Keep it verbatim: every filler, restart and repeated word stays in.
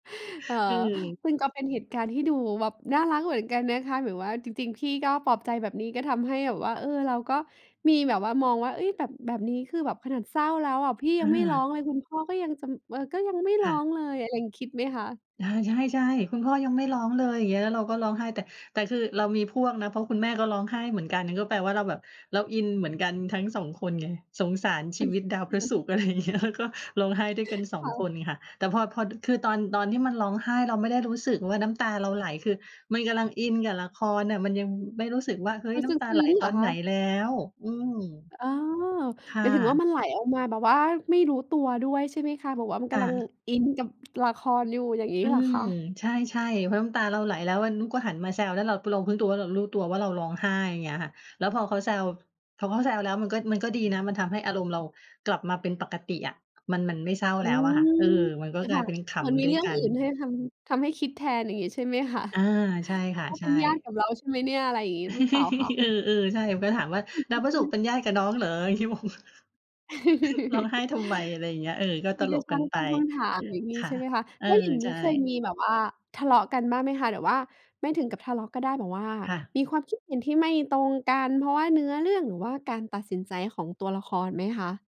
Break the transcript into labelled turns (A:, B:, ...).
A: เออ
B: อือ
A: วึง ก็เป็นเหตุการณ์ที่ดูแบบน่ารักเหมือนกันนะคะ แบบว่าจริง ๆ พี่ก็ปลอบใจแบบนี้ ก็ทำให้แบบว่า เออ เราก็มีแบบว่า มองว่า เฮ้ย แบบ แบบนี้คือแบบขนาดเศร้าแล้วอะ พี่
B: อ
A: ยังไม่ร้อ
B: า
A: งเลย คุณพ่อก็ยังจำ เอ่อ ก็ยังไม่
B: ค
A: ร้
B: ่
A: อ
B: ะ
A: งเลยอะ ยัง คิดไหมคะ?
B: อา ใช่ ๆ คุณพ่อยังไม่ร้องเลย อย่างเงี้ย แล้วเราก็ร้องไห้ แต่ แต่คือเรามีพวกนะ เพราะคุณแม่ก็ร้องไห้เหมือนกัน ก็แปลว่าเราแบบเราอินเหมือนกันทั้ง สอง คนไง สงสารชีวิตดาวพระศุกร์ อะไรอย่างเงี้ย แล้วก็ร้องไห้ด้วยกัน สอง
A: ค่
B: ค
A: ะ
B: นค่ะ แต่พอ พอ ด คือตอน ตอนที่มันร้องไห้ เราไม่ได้รู้สึกว่าน้ำตาเราไหล คือมันกำลังอินกับละครน่ะ มันยังไม่รู้สึกว่า เฮ้ย
A: มัน
B: น้
A: ซ
B: ำตาไ
A: ึ
B: หล
A: ้ง ๆ
B: ต
A: เหร
B: อ
A: อ
B: น
A: ค
B: ไหน
A: ะ?
B: แล้ว อืม
A: อ อ๋อ
B: ค
A: ห
B: ่
A: มายถึงว่า มั
B: ะ
A: นไหลออกมาแบบว่าไม่รู้ตัวด้วยใช่ไหมคะ? แบบว่ามัน
B: ค
A: ก
B: ่
A: ำลัง
B: ะ
A: อินกับ ละครอยู่ อย่างงี้
B: อื
A: เหรอ
B: ม
A: คะ?
B: ใช่ ๆ เพราะน้ำตาเราไหล แล้วอันนู้ก็หันมาแซว แล้วเรา ป เรารู้ตัวว่า เรารู้ตัวว่าเราร้องไห้ อย่างเงี้ยค่ะ แล้วพอเขาแซว พอเขาแซวแล้ว มันก็ มันก็ดีนะ มันทำให้อารมณ์เรากลับมาเป็นปกติอะ มัน มันไม่เศร้า
A: อื
B: แล้วอะ
A: ม
B: ค่ะ เออ มันก
A: เ
B: ็
A: ออ
B: กล
A: ค
B: า
A: ่
B: ย
A: ะ
B: เป็นข
A: เหมือนมี
B: ำด้
A: เ
B: ว
A: ร
B: ย
A: ื่อง
B: กั
A: อื่
B: น
A: นให้ทำ ทำให้คิดแทน อย่างงี้ใช่ไหมคะ?
B: อา ใช่ค่ะ
A: เขา
B: ใ
A: เ
B: ช
A: ป็
B: ่
A: นญาติกับเราใช่ไหมเนี่ย อะไรอย่างงี้ หรือเปล่าคะ?
B: เออ ๆ ใช่ มันก็ถามว่า "ดาว
A: อือ
B: พระศุ
A: ฮ
B: ก
A: ึ
B: ร์เป็นญาติกับน้องเหรอ?" พี่งง "ร้องไห้ทำไม?" อะไรอย่างเงี้ย เออ ก็
A: พ
B: ต
A: ี่ก
B: ล
A: ็
B: ก
A: ช
B: ก
A: ่
B: ั
A: า
B: น
A: ง
B: ไป
A: ตั้งคำถาม อย่างงี
B: ค
A: ้
B: ่
A: ใ
B: ะ
A: ช่ไหมคะ
B: เออ
A: แล้วอย่างง
B: ใ
A: ี
B: ช
A: ้เคย
B: ่
A: มีแบบว่าทะเลาะกันบ้างไหมคะ หรือว่าไม่ถึงกับทะเลาะก็ได้ แบบว่า
B: ค่ะ
A: มีความคิดเห็นที่ไม่ตรงกัน เพราะว่าเนื้อเรื่อง หรือว่าการตัดสินใจของตัวละครไหมคะ?